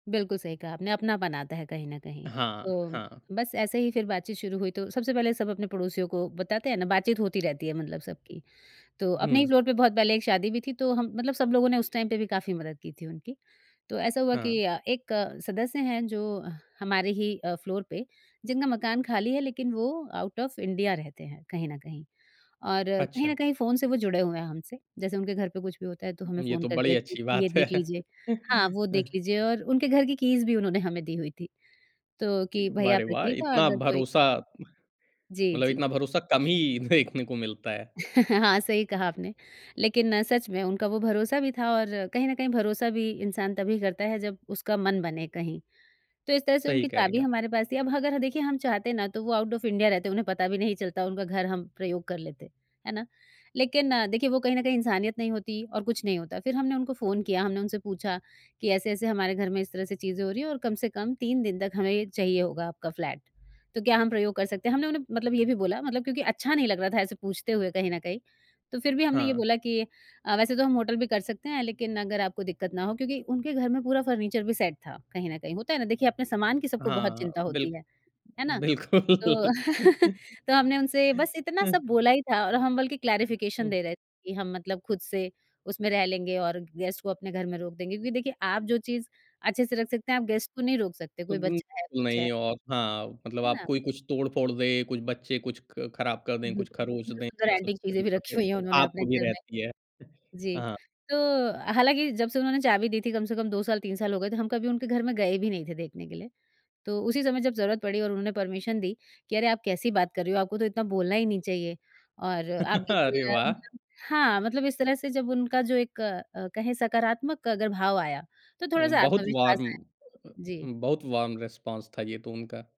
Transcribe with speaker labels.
Speaker 1: बिल्कुल सही कहा आपने, अपना बनाता है कहीं न कहीं।
Speaker 2: हाँ,
Speaker 1: तो
Speaker 2: हाँ।
Speaker 1: बस ऐसे ही फिर बातचीत शुरू हुई, तो सबसे पहले सब अपने पड़ोसियों को बताते हैं ना, बातचीत होती रहती है मतलब सबकी। तो अपने ही
Speaker 2: हुँ।
Speaker 1: फ्लोर पे बहुत पहले एक शादी भी थी तो हम मतलब सब लोगों ने उस टाइम पे भी काफ़ी मदद की थी उनकी, तो ऐसा हुआ कि
Speaker 2: हाँ।
Speaker 1: अ, एक सदस्य हैं जो हमारे ही अ, फ्लोर पे जिनका मकान खाली है लेकिन वो आउट ऑफ इंडिया रहते हैं कहीं न कहीं, और कहीं न
Speaker 2: अच्छा।
Speaker 1: कहीं फ़ोन से वो जुड़े हुए हैं हमसे, जैसे उनके घर पे कुछ भी होता है, तो हमें
Speaker 2: ये
Speaker 1: फ़ोन
Speaker 2: तो
Speaker 1: कर
Speaker 2: बड़ी
Speaker 1: दिया
Speaker 2: अच्छी
Speaker 1: कि ये
Speaker 2: बात है।
Speaker 1: देख लीजिए। हाँ, वो देख लीजिए और उनके घर की कीज़ भी उन्होंने हमें दी हुई थी, तो कि भाई
Speaker 2: वाह रे,
Speaker 1: आप
Speaker 2: वाह!
Speaker 1: रखिएगा
Speaker 2: इतना
Speaker 1: अगर कोई
Speaker 2: भरोसा। म
Speaker 1: जी,
Speaker 2: मतलब
Speaker 1: जी।
Speaker 2: इतना भरोसा कम ही देखने को मिलता है।
Speaker 1: हाँ, सही कहा आपने, लेकिन सच में उनका वो भरोसा भी था और कहीं न कहीं भरोसा भी इंसान तभी करता है, जब उसका मन बने कहीं। तो इस तरह से
Speaker 2: सही
Speaker 1: उनकी
Speaker 2: कह रहीं
Speaker 1: चाबी
Speaker 2: आप।
Speaker 1: हमारे पास थी अब अगर देखिए हम चाहते हैं ना तो वो आउट ऑफ इंडिया रहते, उन्हें पता भी नहीं चलता उनका घर हम प्रयोग कर लेते। है ना? लेकिन देखिए वो कहीं न कहीं इंसानियत नहीं होती और कुछ नहीं होता फिर हमने उनको फ़ोन किया, हमने उनसे पूछा कि, "ऐसे-ऐसे हमारे घर में इस तरह से चीज़ें हो रही हैं और कम से कम 3 दिन तक हमें ये चाहिए होगा आपका फ्लैट, तो क्या हम प्रयोग कर सकते हैं?" हमने उन्हें मतलब ये भी बोला मतलब क्योंकि अच्छा नहीं लग रहा था ऐसे पूछते हुए कहीं न कहीं तो फिर भी हमने ये
Speaker 2: हाँ।
Speaker 1: बोला कि अ, "वैसे तो हम होटल भी कर सकते हैं, लेकिन अगर आपको दिक्कत ना हो" क्योंकि उनके घर में पूरा फर्नीचर भी सेट था कहीं न कहीं होता है ना देखिए अपने सामान की सबको बहुत
Speaker 2: हाँ,
Speaker 1: चिंता होती
Speaker 2: बिल्क
Speaker 1: है। है ना? तो,
Speaker 2: बिल्कुल।
Speaker 1: तो हमने उनसे बस इतना सब बोला ही था और हम बल्कि क्लैरिफिकेशन
Speaker 2: हुँ।
Speaker 1: दे रहे थे कि हम मतलब खुद से उसमें रह लेंगे और गेस्ट को अपने घर में रोक देंगे, क्योंकि देखिए आप जो चीज़ अच्छे से रख सकते हैं आप गेस्ट को नहीं रोक सकते, कोई
Speaker 2: [unintelligible]
Speaker 1: बच्चा है, कुछ है।
Speaker 2: नहीं और हाँ, मतलब
Speaker 1: है
Speaker 2: आप
Speaker 1: ना?
Speaker 2: कोई कुछ तोड़-फोड़ दे, कुछ बच्चे कुछ ख ख़राब कर दें, कुछ खरोच दें
Speaker 1: सुंदर-सुंदर
Speaker 2: ये सब
Speaker 1: एंटिक
Speaker 2: की
Speaker 1: चीज़ें भी
Speaker 2: चिंता
Speaker 1: रखी
Speaker 2: तो
Speaker 1: हुई है उन्होंने
Speaker 2: आप
Speaker 1: अपने
Speaker 2: को भी
Speaker 1: घर में।
Speaker 2: रहती है।
Speaker 1: जी,
Speaker 2: हाँ।
Speaker 1: तो हालाँकि जब से उन्होंने चाबी दी थी कम से कम 2 साल, 3 साल हो गए तो हम कभी उनके घर में गए भी नहीं थे देखने के लिए, तो उसी समय जब ज़रूरत पड़ी और उन्होंने परमिशन दी कि, "अरे, आप कैसी बात कर रहे हो? आपको तो इतना बोलना ही नहीं चाहिए।" और आप बिल्कुल
Speaker 2: अरे, वाह!
Speaker 1: मतलब हाँ, मतलब इस तरह से जब उनका जो एक अ, कहे सकारात्मक अगर भाव आया तो
Speaker 2: उ,
Speaker 1: थोड़ा-सा
Speaker 2: बहुत
Speaker 1: आत्मविश्वास
Speaker 2: वॉर्म
Speaker 1: आया। जी।
Speaker 2: बहुत वॉर्म रिस्पॉन्स था ये तो उनका।